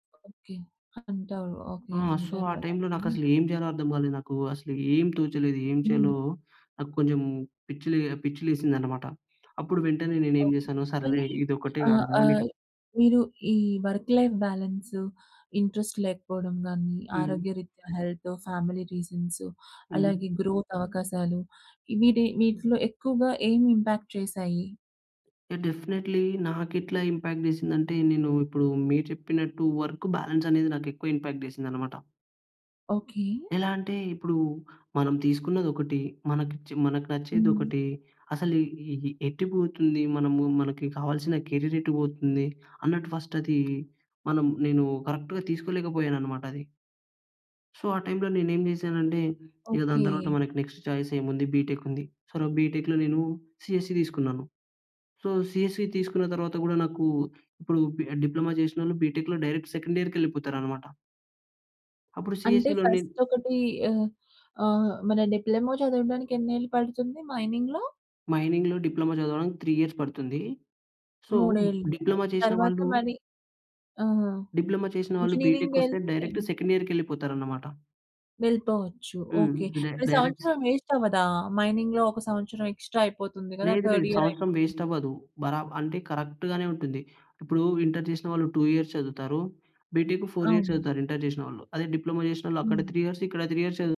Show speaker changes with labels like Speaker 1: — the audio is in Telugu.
Speaker 1: ఓకే. అంటారు.
Speaker 2: ఆ!
Speaker 1: ఓకే.
Speaker 2: సో,
Speaker 1: అంటారు
Speaker 2: ఆ
Speaker 1: అలా
Speaker 2: టైమ్‌లో
Speaker 1: అని.
Speaker 2: నాకసలు ఏం జెయాలో అర్థం కాలేదు నాకు. అసలు ఏం తోచలేదు. ఏం
Speaker 1: హ్మ్.
Speaker 2: చేయాలో, నాకు కొంచెం పిచ్చి‌ లె పిచ్చి లేసిందనమాట. అప్పుడు వెంటనే నేనేమి
Speaker 1: ఓకే.
Speaker 2: జెసాను,
Speaker 1: మరి
Speaker 2: సరేలే! ఇదొక్కటే కాదు
Speaker 1: ఆహ్,
Speaker 2: కదా!
Speaker 1: ఆహ్,
Speaker 2: నెక్స్ట్
Speaker 1: మీరు ఈ వర్క్‌లైఫ్ బాలన్స్, ఇంట్రెస్ట్ లేకపోవడం గాని,
Speaker 2: హ్మ్.
Speaker 1: ఆరోగ్యరీత్యా హెల్త్, ఫ్యామిలీ రీజన్స్.
Speaker 2: హ్మ్.
Speaker 1: అలాగే గ్రో‌త్ అవకాశాలు. వీటి, వీటిలో ఎక్కువగా ఏం ఇంపాక్ట్ చేసాయి?
Speaker 2: యాహ్! డెఫినెట్‌లీ నాకెట్లా ఇంపాక్ట్ జెసిందంటే, నేను ఇప్పుడు మీరు చెప్పినట్టు వర్క్ బాలన్స్ అనేది నాకెక్కువ ఇంపాక్ట్ జెసిందన్నమాట.
Speaker 1: ఓకే.
Speaker 2: ఎలా అంటే, ఇప్పుడు మనం తీసుకున్నది ఒకటి. మనకి చే మనకు నచ్చేది
Speaker 1: హ్మ్.
Speaker 2: ఒకటి. అసలు ఎ ఏ ఎటు పోతుంది, మనము మనకి కావాల్సిన కేరిర్ ఎటు పోతుంది. అన్నట్టు ఫస్ట్ అది మనం నేను కరెక్ట్‌గా తీసుకోలేకపోయాననమాట అది. సో, ఆ టైమ్‌లో నేనేమి జెసానంటే, ఇగ దాని తరువాత
Speaker 1: ఓకే.
Speaker 2: మనకి నెక్స్ట్ చాయిస్ ఏముంది బి‌టెక్ ఉంది. సొ, నాకు బి‌టెక్‌లో నేను సీఎస్‌సి తీసుకున్నాను. సో, సీఎస్‌సి తీసుకున్న తరువాత కూడా నాకు, ఇప్పుడు పి డిప్లొమా చేసినోళ్ళు బి‌టెక్‌లో డైరెక్ట్ సెకండీయర్‌కెళ్ళిపోతారనమాట. అప్పుడు
Speaker 1: అంటే
Speaker 2: సీఎస్‌సి‌లో నెన్
Speaker 1: ఫస్ట్ ఒకటి ఆహ్, ఆహ్, మన డిప్లొమా చదవడానికి ఎన్నేళ్లు పడుతుంది మైనింగ్‌లో?
Speaker 2: మైనింగ్‌లో డిప్లొమా చదవడానికి 3 ఇయర్స్ పడుతుంది. సో,
Speaker 1: 3
Speaker 2: డిప్లొమా చేసిన
Speaker 1: తర్వాత
Speaker 2: వాళ్ళు...
Speaker 1: మరి ఆ!
Speaker 2: డిప్లొమా చేసిన వాళ్ళు
Speaker 1: ఇంజినీరింగ్
Speaker 2: బి‌టెకొస్తే
Speaker 1: యేళ్తే
Speaker 2: డైరెక్ట్ సెకండ్ ఇయర్‌కెళ్ళిపోతారన్నమాట.
Speaker 1: వెళ్ళిపోవచ్చు.
Speaker 2: హ్మ్.
Speaker 1: ఓకే.
Speaker 2: డై
Speaker 1: మరి
Speaker 2: డైరెక్ట్స్
Speaker 1: సంవత్సరం వే‌స్ట‌వ్వదా? మైనింగ్‌లో ఒక సంవత్సరం ఎక్స్‌ట్రా అయిపోతుంది కదా!
Speaker 2: లేదు,
Speaker 1: థర్డ్
Speaker 2: లేదు.
Speaker 1: ఇయర్
Speaker 2: సంవత్సరం
Speaker 1: అయిపోతుంది.
Speaker 2: వేస్ట్‌ అవదు. బరాబ్ అంటే కరెక్ట్‌గానే ఉంటుంది. ఇప్పుడు ఇంటర్ చేసినవాళ్ళు 2 ఇయర్స్ చదువుతారు. బి‌టెక్ 4 ఇయర్స్
Speaker 1: అవును.
Speaker 2: చదువుతారు ఇంటర్ చేసినవాళ్ళు. అదే డిప్లొమా చేసినోళ్ళు అక్కడ
Speaker 1: హ్మ్.
Speaker 2: 3 ఇయర్స్ ఇక్కడ 3 ఇయర్స్ చదు